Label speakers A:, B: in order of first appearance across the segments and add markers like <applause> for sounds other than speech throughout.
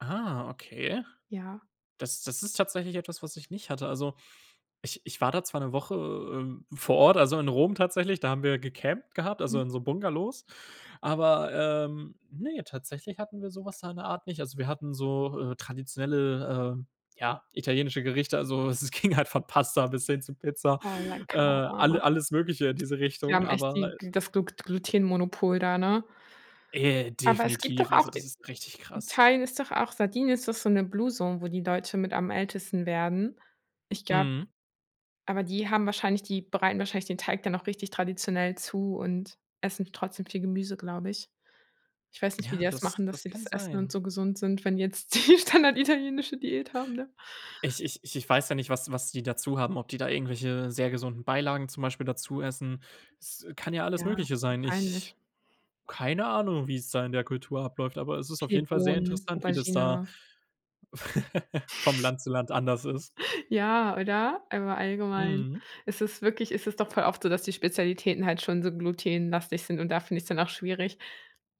A: Ah, okay.
B: Ja.
A: Das das ist tatsächlich etwas, was ich nicht hatte. Also, ich ich war da zwar 'ne Woche, ähm, vor Ort, also in Rom tatsächlich- da haben wir gecampt gehabt, also
B: Mhm.
A: in so Bungalows. Aber, ähm, ne, tatsächlich hatten wir so was da in der Art nicht. Also, wir hatten so, äh, traditionelle, äh, ja, italienische Gerichte. Also, es ging halt von Pasta bis hin zu Pizza, äh, alle
B: <unintelligible>
A: alles Mögliche in diese
B: Die
A: Richtung,
B: haben echt
A: aber,
B: die
A: äh
B: Glu das Glugt Glutenmonopol da, ne?
A: Äh,
B: Aber es gibt doch
A: definitiv.
B: auch
A: Also,
B: i
A: das ist richtig krass.
B: Italien ist doch auch Sardinien ist doch so 'ne Blue Zone, wo die Leute mit am ältesten werden. Ich glaub
A: Mhm.
B: Aber die haben wahrscheinlich die bereiten wahrscheinlich den Teig dann auch richtig traditionell zu und essen trotzdem viel Gemüse, glaube ich. Ich weiß nicht, wie die
A: Ja,
B: das machen,
A: das
B: dass
A: das
B: sie
A: kann
B: das essen und
A: sein.
B: so gesund sind, wenn die jetzt die standarditalienische Diät haben, ne?
A: Ich ich ich ich weiß ja nicht, was was die dazu haben, ob die da irgendwelche sehr gesunden Beilagen zum Beispiel dazu essen. Es kann ja alles
B: Ja,
A: Mögliche sein. Ich
B: wahrscheinlich.
A: keine Ahnung, wie es da in der Kultur abläuft, aber es ist auf
B: Viel
A: jeden Fall sehr
B: Bohnen,
A: interessant, wie das da
B: Aubergine.
A: <laughs> vom
B: <chuckles>
A: Land zu Land anders ist.
B: <chuckles> Ja, oder? Aber allgemein
A: Mhm.
B: ist es wirklich ist es doch voll oft so, dass die Spezialitäten halt schon so glutenlastig sind, und da finde ich es dann auch schwierig.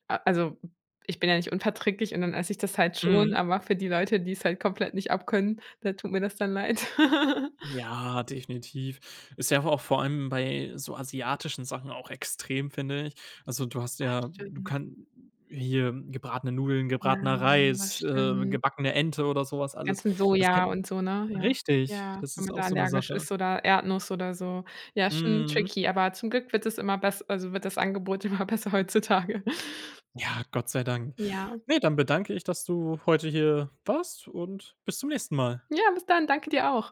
B: A also, ich bin ja nicht unverträglich, und dann esse ich das halt schon,
A: Mhm.
B: aber für die Leute, die es halt komplett nicht abkönnen, da tut mir das dann leid. <laughs>
A: Ja, definitiv. Ist ja aber auch vor allem bei so asiatischen Sachen auch extrem, finde ich. Also du hast
B: Ach,
A: ja du
B: stimmt.
A: kann hier gebratene Nudeln,
B: Ja.
A: gebratener Reis, äh,
B: <unintelligible>
A: gebackene Ente oder so was
B: Die
A: alles.
B: ganzen
A: Das
B: Soja
A: kann
B: und so, ne? Ja.
A: richtig,
B: Ja.
A: das
B: Wenn
A: ist
B: man
A: auch
B: da
A: so 'ne
B: allergisch
A: Sache.
B: ist oder Erdnuss oder so. Ja, schon
A: Mhm.
B: tricky, aber zum Glück wird es immer bess also wird das Angebot immer besser heutzutage. <laughs>
A: Ja, Gott sei Dank.
B: Ja.
A: Ne, dann bedanke ich, dass du heute hier warst und bis zum nächsten Mal.
B: Ja, bis dann. Danke, dir auch.